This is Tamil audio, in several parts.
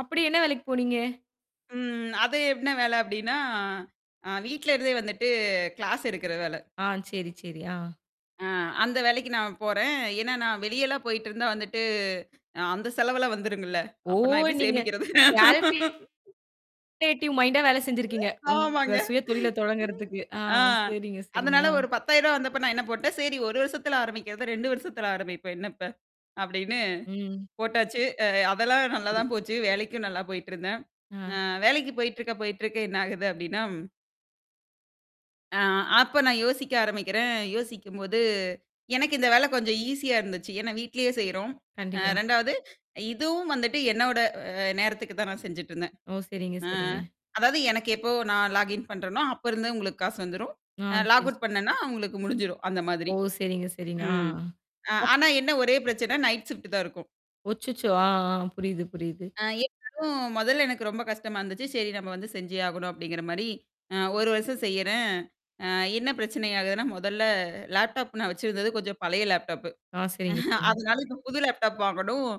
அப்படி என்ன வேலைக்கு போனீங்க? ம். அது என்ன வேலை அப்படின்னா, அ வீட்ல இருந்தே வந்துட்டு கிளாஸ் எடுக்கிற வேலை. ஆ. சரி, சரி. ஆ. ஆ அந்த வேலைக்கு நான் போறேன். ஏன்னா நான் வெளியேலாம் போயிட்டிருந்தா வந்துட்டு அ அந்த செலவெல்லாம் வந்துருமில்ல. ஓ! அப்போ நான் எப்படி நீங்க. சேமிக்கிறது? கேல்குலேட்டிவ் மைண்ட்டா வேலை செஞ்சிருக்கீங்க. உங்க ஆமாங்க. சுயதொழிலை தொடங்குறதுக்கு. ஆ அ சரிங்க, சரிங்க. அதனால அ. ஒரு ரூ. 10,000 வந்தப்போ நான் என்ன போட்டேன் சரி ஒரு வருஷத்தில ஆரம்பிக்கிறத 2 வருஷத்தில ஆரம்பிப்போம். என்னப்ப? அப்படின்னு ம். போட்டாச்சு. அ அதெல்லாம் நல்லா சரி. தான் போச்சு. வேலைக்கும் நல்லா போயிட்டிருந்தேன். அ ஆ. வேலைக்கு போயிட்டிருக்க போயிட்டிருக்க என்ன ஆகுது அப்படின்னா ம். ஆ அப்போ நான் யோசிக்க ஆரம்பிக்கிறேன். யோசிக்கும்போது, எனக்கு இந்த வேலை கொஞ்சம் ஈஸியா இருந்துச்சு. ஏன்னா வீட்டிலேயே செய்றோம். அ கண்டிப்பா. 2வது இதுவும் வந்துட்டு என்னோட அ நேரத்துக்கு தான் நான் செஞ்சுட்ருந்தேன். ஓ! சரிங்க, அ சரிங்க. அதாவது எனக்கு எப்போ நான் லாகின் பண்ணுறேனோ, அப்போருந்தே உங்களுக்கு காசு வந்துரும், ஆ. அ லாக் சரி, அவுட் சரி. பண்ணேன்னா அவங்களுக்கு முடிஞ்சிடும் அந்த மாதிரி. ஓ! சரிங்க, சரிங்க. ம். அ அ. ஆனா என்ன ஒரே பிரச்சனை, நைட் ஷிஃப்ட் தான் இருக்கும். ஓ! அச்சச்சோ! ஆ, ஆ. புரியுது, புரியுது. ஆ எனக்கும் முதல்ல எனக்கு ரொம்ப கஷ்டமா இருந்துச்சு. சரி நம்ம வந்து செஞ்சே ஆகணும் அப்படிங்கிற மாதிரி அ ஒரு வருஷம் செய்யறேன். அ என்ன பிரச்சனை ஆகுதுன்னா முதல்ல லேப்டாப் நான் வச்சிருந்தது கொஞ்சம் பழைய லேப்டாப்பு. ஆ. சரிங்க, சரிங்க. அதனால இப்போ புது லேப்டாப் வாங்கணும்.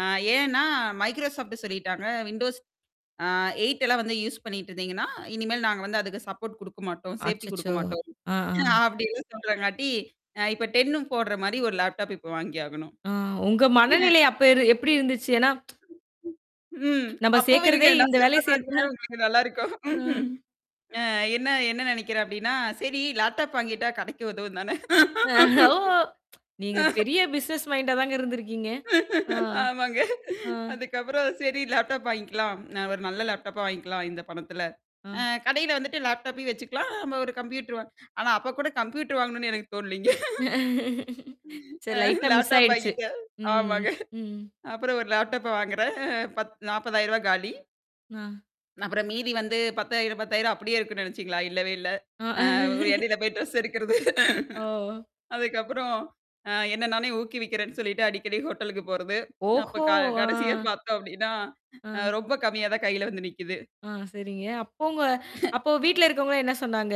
அ ஏன்னா மைக்ரோசாஃப்ட் சொல்லிட்டாங்க விண்டோஸ் அ 8 எல்லாம் வந்து யூஸ் பண்ணிட்ருந்தீங்கன்னா, இனிமேல் நாங்க வந்து அதுக்கு சப்போர்ட் கொடுக்க மாட்டோம், சேஃப்டி கொடுக்க அச்சச்சோ. மாட்டோம் அ. அ. அப்படின்னு சொல்றாங்காட்டி அ இப்போ 10னும் போடுற மாரி ஒரு லேப்டாப் இப்போ வாங்கியாகணும். ஆ. உங்க ம். மனநிலை அப்போ இரு எப்படி இருந்ததுச்சு? ஏன்னா. ம், ம். நம்ப அப்போவும் இருங்க சேக்கறதே நான் இந்த சொல்ற வேலையை மாரியா செய்துதான். உங்களுக்கு நல்லா இருக்கும். அ. அ என்ன என்ன நினைக்கிறேன் அப்படின்னா சரி லேப்டாப் வாங்கிட்டா கடைக்கு உதவும் தானே. அ ஓ! நீங்க பெரிய பிசினஸ் மைண்ட்டா தான் இருந்திருக்கிறீங்க. ஆ. ஆமாங்க. அ. அதுக்கப்புறம் சரி லேப்டாப் வாங்கிக்கலாம். ஒரு நல்ல லேப்டாப்பா வாங்கிக்கலாம் இந்த பணத்தில. ஆ. அ கடையில வந்துட்டு லேப்டாப்பே வச்சுக்கலாம் நம்ம ஒரு கம்ப்யூட்டர் வா ஆனா அப்போ கூட கம்ப்யூட்டர் வாங்கணும்னு எனக்கு தோனலிங்க. சரி அ லைட்டா மிஸ் லேப்டாப் ஆயிடுச்சு. வாங்கிட்டேன். ம், ஆமாங்க. ம். அப்புறம் ஒரு லேப்டாப்பை வாங்குகிறேன் பத் ரூ. 40,000 காலி. ஆ. அப்புறம் மீதி வந்து 10,000, 10,000 அப்படியே இருக்கும்ன்னு நினைச்சீங்களா? இல்லவே இல்லை. ஆ. அ இடயில போய் டிரெஸ் எடுக்கறது. ஓ. அதுக்கப்புறம் அ என்ன நானே ஊக்குவிக்கிறேன்னு சொல்லிட்டு அடிக்கடி ஹோட்டலுக்கு போறது. அப்போ ஓஹோ. க கடைசியா அ. பார்த்தோம் அப்படின்னா, ஆ. அ ரொம்ப கம்மியா தான் கையில வந்து நிற்கிது. ஆ. சரிங்க. அப்போ உங்க அப்போ வீட்ல இருக்கிறவங்கலா என்ன சொன்னாங்க?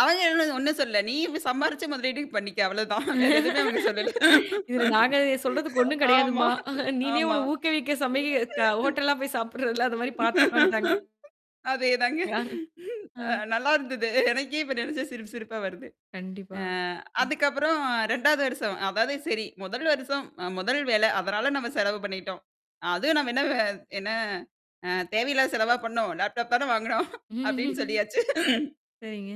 அவங்கவ ஒண்ணும் சொல்ல நீ சம்பாரிச்சு முதலீடுக்கு பண்ணிக்க அவ்வளதான். வேற எதுவுமே அவங்க சொல்லல. இதில நாங்க சொல்றதுக்கு ஒண்ணும் ஆமா, கிடையாதும்மா. நீனே ஆமா. உன்னை ஊக்கவிக்க சமைக்க க ஹோட்டல்லாம் போய் சாப்பிடுற இல்ல அந்த மாரி பார்த்துக்கோ இன்டாங்கலா. அதேதாங்க. அ அ. நல்லாயிருந்தது. எனக்கே இப்போ நினைச்சா சிரிப்பு சிரிப்பா வருது அ கண்டிப்பாக. அதுக்கப்புறம் 2வது வருஷம் அதாவது சரி முதல் வருஷம் அ முதல் வேலை அதனால நம்ம செலவு பண்ணிட்டோம். அதுவும் நம்ம என்ன வ என்ன அ தேவையில்லாத செலவா பண்ணோம், லேப்டாப் தான வாங்கினோம் அப்படின்னு சொல்லியாச்சு. சரிங்க.